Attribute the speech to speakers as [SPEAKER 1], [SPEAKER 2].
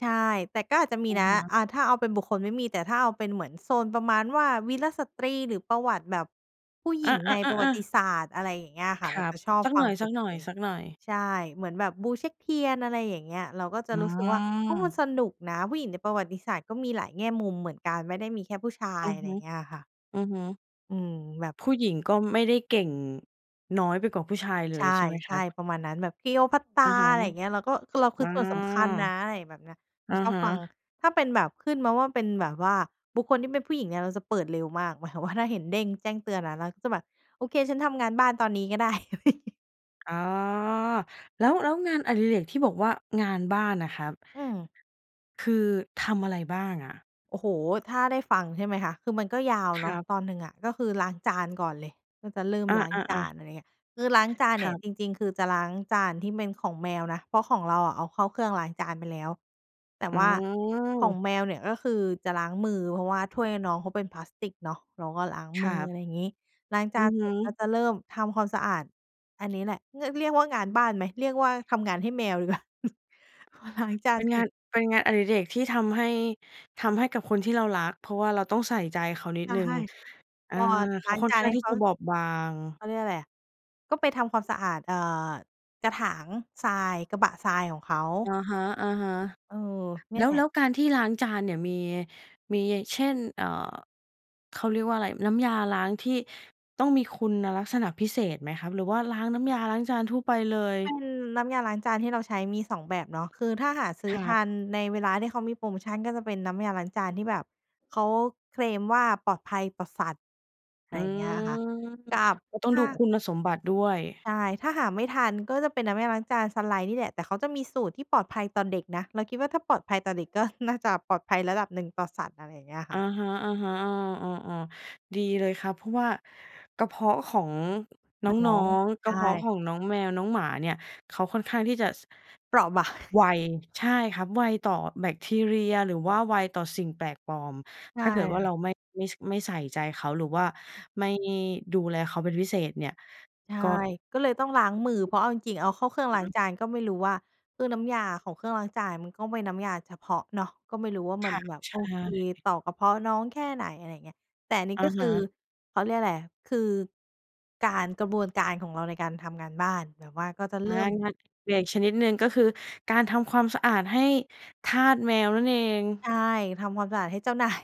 [SPEAKER 1] ใช่ แต่ก็อาจจะมี
[SPEAKER 2] อะ
[SPEAKER 1] นะ
[SPEAKER 2] ฮะ
[SPEAKER 1] อ่า ถ้าเอาเป็นบุคคลไม่มี แต่ถ้าเอาเป็นเหมือนโซนประมาณว่าวีรสตรี หรือประวัติแบบผู้หญ
[SPEAKER 2] อ
[SPEAKER 1] ิ
[SPEAKER 2] า
[SPEAKER 1] งในประวัต
[SPEAKER 2] ๆ
[SPEAKER 1] ิ
[SPEAKER 2] ๆ ๆ
[SPEAKER 1] ศาสตร์ อะไรอย่างเงี้ยค่ะ
[SPEAKER 2] ค
[SPEAKER 1] เร
[SPEAKER 2] ร
[SPEAKER 1] า
[SPEAKER 2] ั
[SPEAKER 1] จ
[SPEAKER 2] บ
[SPEAKER 1] ะชอบ
[SPEAKER 2] สัก
[SPEAKER 1] ฟ
[SPEAKER 2] ห
[SPEAKER 1] ั
[SPEAKER 2] น
[SPEAKER 1] งเป็นพิ
[SPEAKER 2] ่อ
[SPEAKER 1] เศ
[SPEAKER 2] ย
[SPEAKER 1] ษ
[SPEAKER 2] ๆ ๆ
[SPEAKER 1] ใช่ เหมือนแบบบูเช็กเทียน อะไรอย่างเงี้ย เราก็จะ
[SPEAKER 2] อื
[SPEAKER 1] รู้สึกว่า โอ้ มัน
[SPEAKER 2] ม
[SPEAKER 1] สนุกนะ ผู้หญิงในประวัติศาสตร์ก็มีหลายแง่มุมเหมือนกัน ไม่ได้มีแค่ผู้ชา
[SPEAKER 2] อ
[SPEAKER 1] ย
[SPEAKER 2] ือ
[SPEAKER 1] อะไ
[SPEAKER 2] ฮ
[SPEAKER 1] รอ
[SPEAKER 2] ึ
[SPEAKER 1] ย่างเงี้ยค่ะ
[SPEAKER 2] อือฮึ
[SPEAKER 1] อืม แบบ
[SPEAKER 2] ผู้หญิงก็ไม่ได้เก่งน้อยไปกว่าผู้ชายเล
[SPEAKER 1] ใช
[SPEAKER 2] ยใช่ไหมครั
[SPEAKER 1] ่
[SPEAKER 2] บ?
[SPEAKER 1] ๆ ประมาณนั้น แบบ
[SPEAKER 2] อ
[SPEAKER 1] Cleopatra
[SPEAKER 2] ะฮะ
[SPEAKER 1] อะไรอย่างเงี้ย เราก็ คือเราคื
[SPEAKER 2] อา
[SPEAKER 1] อส่วนสำคัญนะ อะไรแบบเนี้ย จ
[SPEAKER 2] อ
[SPEAKER 1] ะ
[SPEAKER 2] ะ
[SPEAKER 1] ชอบ
[SPEAKER 2] ฮะ
[SPEAKER 1] ฟัง ถ้าเป็นแบบขึ้นมาว่าเป็นแบบว่า บุคคลที่เป็นผู้หญิงเนี่ยเราจะเปิดเร็วมาก หมายความว่า ถ้าเห็นเด้งแจ้งเตือนนะ เราก็จะแบบ "โอเค ฉันทำงานบ้านตอนนี้ก็ได้"
[SPEAKER 2] อ๋อ แล้ว แล้วงานอดิเรกที่บอกว่า งานบ้านน่ะครับ
[SPEAKER 1] อืม
[SPEAKER 2] คือทำอะไรบ้างอะ?
[SPEAKER 1] โอ้โฮ ถ้าได้ฟัง ใช่ไหมคะ คือมันก็ยาว
[SPEAKER 2] ค
[SPEAKER 1] เนา
[SPEAKER 2] ร
[SPEAKER 1] ะ
[SPEAKER 2] ับ
[SPEAKER 1] ตอนหนึ่งอะ ก็คือล้างจานก่อนเลย ก็จะเริ่ม
[SPEAKER 2] อ
[SPEAKER 1] ล้างจ
[SPEAKER 2] า
[SPEAKER 1] า
[SPEAKER 2] ๆ ๆ
[SPEAKER 1] น อะไรอย่างเงี้ย คือล้างจานเ
[SPEAKER 2] ค
[SPEAKER 1] นี่
[SPEAKER 2] ร
[SPEAKER 1] ย
[SPEAKER 2] ับ
[SPEAKER 1] จริง ๆ คือจะล้างจานที่เป็นของแมวนะ เพราะของเราอะเอาเข้าเครื่องล้างจานไปแล้ว แต่
[SPEAKER 2] อื
[SPEAKER 1] ว่าของ
[SPEAKER 2] ม
[SPEAKER 1] แมวเนี่ย ก็คือจะล้างมือ เพราะว่าถ้วยน้องเขาเป็นพลาสติกเนาะ เราก็ล้าง
[SPEAKER 2] ค
[SPEAKER 1] มื
[SPEAKER 2] รั
[SPEAKER 1] อ อ
[SPEAKER 2] บ
[SPEAKER 1] ะไรงี้ ล้างจ
[SPEAKER 2] อื
[SPEAKER 1] าน
[SPEAKER 2] อฮ
[SPEAKER 1] เสร็จ ก็
[SPEAKER 2] ึ
[SPEAKER 1] จะเริ่มทำความสะอาด อันนี้แหละ เรียก เรียกว่างานบ้านไหม เรียกว่าทำงานให้แมวดี กว่า พอล้างจา
[SPEAKER 2] เ
[SPEAKER 1] น
[SPEAKER 2] ป็น
[SPEAKER 1] เส
[SPEAKER 2] ง
[SPEAKER 1] ร
[SPEAKER 2] า
[SPEAKER 1] ็
[SPEAKER 2] น
[SPEAKER 1] จ
[SPEAKER 2] เป็นงานอดิเรกที่ทำให้ ทำให้กับคนที่เรารัก เพราะว่าเราต้องใส่ใจเขานิ
[SPEAKER 1] ใช
[SPEAKER 2] ด
[SPEAKER 1] ่
[SPEAKER 2] หนึ่ง อ
[SPEAKER 1] พ
[SPEAKER 2] า
[SPEAKER 1] อ
[SPEAKER 2] เข
[SPEAKER 1] ล้
[SPEAKER 2] า
[SPEAKER 1] าง
[SPEAKER 2] ค่อ
[SPEAKER 1] จ
[SPEAKER 2] น
[SPEAKER 1] า
[SPEAKER 2] ข
[SPEAKER 1] น
[SPEAKER 2] ้า
[SPEAKER 1] ใ
[SPEAKER 2] ง
[SPEAKER 1] ห้
[SPEAKER 2] ที่
[SPEAKER 1] เข
[SPEAKER 2] จ
[SPEAKER 1] า
[SPEAKER 2] ะบอบบาง
[SPEAKER 1] เขาเรียกอะไรอะ ก็ไปทำความสะอาด เอ่อ กระถางทราย กระบะทรายของเขา
[SPEAKER 2] อะฮะ
[SPEAKER 1] เออ เน
[SPEAKER 2] ๆ
[SPEAKER 1] ี
[SPEAKER 2] แ
[SPEAKER 1] ่
[SPEAKER 2] ล
[SPEAKER 1] ย
[SPEAKER 2] ้
[SPEAKER 1] แ
[SPEAKER 2] ว
[SPEAKER 1] หล
[SPEAKER 2] แ
[SPEAKER 1] ะ
[SPEAKER 2] ล้วการที่ล้างจานเนี่ยมี มี เช่น เอ่อ เขาเรียกว่าไร น้ำยาล้างที่ต้องมีคุณลักษณะพิเศษไหมครับ หรือว่าล้างน้ำยาล้างจานทั่วไปเลย?
[SPEAKER 1] เป็นน้ำยาล้างจานที่เราใช้มี 2 แบบเนาะ คือถ้าหาซื้
[SPEAKER 2] ค
[SPEAKER 1] อ
[SPEAKER 2] ร
[SPEAKER 1] ท
[SPEAKER 2] ับ
[SPEAKER 1] ันในเวลาที่เขามีโพรโมชัน ก็จะเป็นน้ำยาล้างจานที่แบบเขาเคลมว่าปลอดภัยต่อสัตว์ ไ
[SPEAKER 2] อ
[SPEAKER 1] ร
[SPEAKER 2] ื
[SPEAKER 1] อย่างเงี้ยอะค่ะ
[SPEAKER 2] ม
[SPEAKER 1] กับ
[SPEAKER 2] อ ต้อ
[SPEAKER 1] ถ
[SPEAKER 2] ง
[SPEAKER 1] ้
[SPEAKER 2] ดู
[SPEAKER 1] า
[SPEAKER 2] คุณสมบัติด้วย
[SPEAKER 1] ใช่ ถ้าหาไม่ทันก็จะเป็นน้ำยาล้างจานซันไลต์นี่แหละ แต่เขาจะมีสูตรที่ปลอดภัยต่อเด็กนะ เราคิดว่าถ้าปลอดภัยต่อเด็ก ก็น่าจะปลอดภัยระดับหนึ่งต่อสัตว์ อะไรอย่างเงี้ยค
[SPEAKER 2] อ
[SPEAKER 1] ่
[SPEAKER 2] ะ
[SPEAKER 1] ะ
[SPEAKER 2] ฮะ ๆ อ้อ ๆ ๆ ดีเลยครับ เพราะว่ากระเพาะของน
[SPEAKER 1] น้อ
[SPEAKER 2] ้อ
[SPEAKER 1] ง
[SPEAKER 2] ง ๆ ก
[SPEAKER 1] ใช
[SPEAKER 2] ระเพาะ
[SPEAKER 1] ่
[SPEAKER 2] ของน้องแมวน้องหมาเนี่ย เขาค่อนข้างที่จะ ส
[SPEAKER 1] เปราะ บาง
[SPEAKER 2] ไว ใช่ครับ ไวต่อแบคทีเรีย หรือว่าไวต่อสิ่งแปลกปลอม
[SPEAKER 1] ใช
[SPEAKER 2] ถ
[SPEAKER 1] ่
[SPEAKER 2] ้าเกิดว่
[SPEAKER 1] ค
[SPEAKER 2] า
[SPEAKER 1] ่ะ
[SPEAKER 2] เราไม่ ไม่ ช ไม่ใส่ใจเขา หรือว่าไม่ดูแลเขาเป็นพิเศษเนี่ย
[SPEAKER 1] ใช่
[SPEAKER 2] ก็
[SPEAKER 1] ก็เลยต้องล้างมือ เพราะเอาจริง ๆ เอาเข้าเครื่อง
[SPEAKER 2] อื
[SPEAKER 1] ล้
[SPEAKER 2] อ
[SPEAKER 1] า
[SPEAKER 2] ฮ
[SPEAKER 1] ง
[SPEAKER 2] ึ
[SPEAKER 1] จานก็ไม่รู้ว่า คือน้ำยาของเครื่องล้างจานมันก็เป็นน้ำยาเฉพาะเนาะ ก็ไม่รู้ว่า
[SPEAKER 2] ค
[SPEAKER 1] มัน
[SPEAKER 2] ่ะ
[SPEAKER 1] แบบ
[SPEAKER 2] ใช
[SPEAKER 1] โอ
[SPEAKER 2] ่
[SPEAKER 1] เคต่อกระเพาะน้องแค่ไหน อะไรอย่างเงี้ย แต่อันนี้
[SPEAKER 2] อะ
[SPEAKER 1] ก็ค
[SPEAKER 2] ฮ
[SPEAKER 1] ือ
[SPEAKER 2] ะ
[SPEAKER 1] เขาเรียกว่าไร คือ การ กระบวนการของเราในการทำงานบ้าน แบบว่าก็จะเ
[SPEAKER 2] อ
[SPEAKER 1] ริ
[SPEAKER 2] า
[SPEAKER 1] ่ม
[SPEAKER 2] งานอดิเรกชนิดหนึ่ง ก็คือการทำความสะอาดให้ทาสแมวนั่นเอง
[SPEAKER 1] ใช่ ทำความสะอาดให้เจ้า นาย